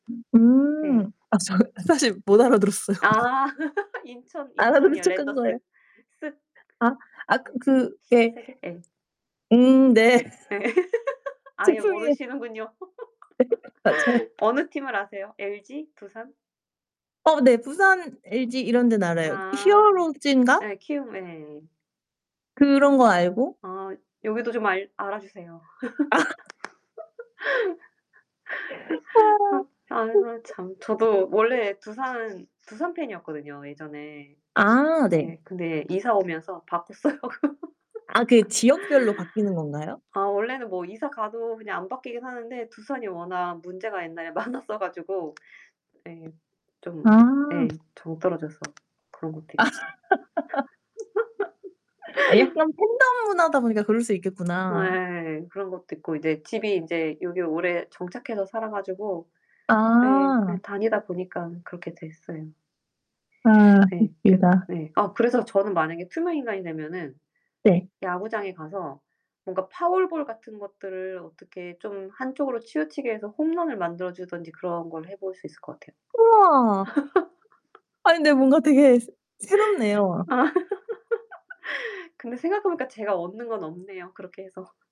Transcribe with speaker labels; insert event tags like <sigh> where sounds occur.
Speaker 1: 음
Speaker 2: 네.
Speaker 1: 아 저 사실 못 알아 들었어요.
Speaker 2: 아 <laughs> 인천,
Speaker 1: 알아들은
Speaker 2: 인천이요.
Speaker 1: 척 한 거예요.
Speaker 2: 랜더스. 쓱.
Speaker 1: 아 아
Speaker 2: <unintelligible>
Speaker 1: 그 예.
Speaker 2: 신세계? 예.
Speaker 1: 음 네.
Speaker 2: 네
Speaker 1: <laughs>
Speaker 2: <laughs> 아예
Speaker 1: 죄송해요.
Speaker 2: 모르시는군요.
Speaker 1: <laughs> 맞아요.
Speaker 2: <laughs> 어느 팀을 아세요? LG? 두산?
Speaker 1: 어, 네, 부산, LG 이런 데는 알아요.
Speaker 2: 아
Speaker 1: 히어로즈인가?
Speaker 2: 예. 키움 예.
Speaker 1: 그런 건 알고
Speaker 2: 아, 여기도 좀 알 알아주세요.
Speaker 1: 아. <unintelligible>
Speaker 2: <laughs>
Speaker 1: 아.
Speaker 2: 아이고
Speaker 1: <unintelligible>
Speaker 2: 참, 저도 원래 두산 두산 팬이었거든요, 예전에.
Speaker 1: 아 네.
Speaker 2: 네, 근데 이사 오면서 바꿨어요.
Speaker 1: 아 그 지역별로 바뀌는
Speaker 2: <laughs>
Speaker 1: 건가요?
Speaker 2: 아 원래는 뭐 이사 가도 그냥 안 바뀌긴 하는데 두산이 워낙 문제가 옛날에 많았어 가지고 네, 좀 예.
Speaker 1: 아.
Speaker 2: 정떨어져서 그런 것도
Speaker 1: 아.
Speaker 2: 있고.
Speaker 1: <laughs> 아 약간
Speaker 2: <laughs>
Speaker 1: 팬덤 문화다 보니까 그럴 수 있겠구나.
Speaker 2: 예. 그런 것도 있고 이제 집이 이제 여기 오래 정착해서 살아 가지고 예.
Speaker 1: 아.
Speaker 2: 다니다 보니까 그렇게 됐어요.
Speaker 1: 아
Speaker 2: 네, 그
Speaker 1: 웃기다.
Speaker 2: 네, 아 그래서 저는 만약에 투명 인간이 되면은
Speaker 1: 네.
Speaker 2: 야구장에 가서 뭔가 파울볼 같은 것들을 어떻게 좀 한쪽으로 치우치게 해서 홈런을 만들어 주든지 그런 걸 해볼 수 있을 것 같아요.
Speaker 1: 우와.
Speaker 2: <laughs>
Speaker 1: 아니 근데 뭔가 되게 새
Speaker 2: 아
Speaker 1: 새롭네요.
Speaker 2: <laughs> 근데 생각해 보니까 제가 얻는 건 없네요. 그렇게 해서.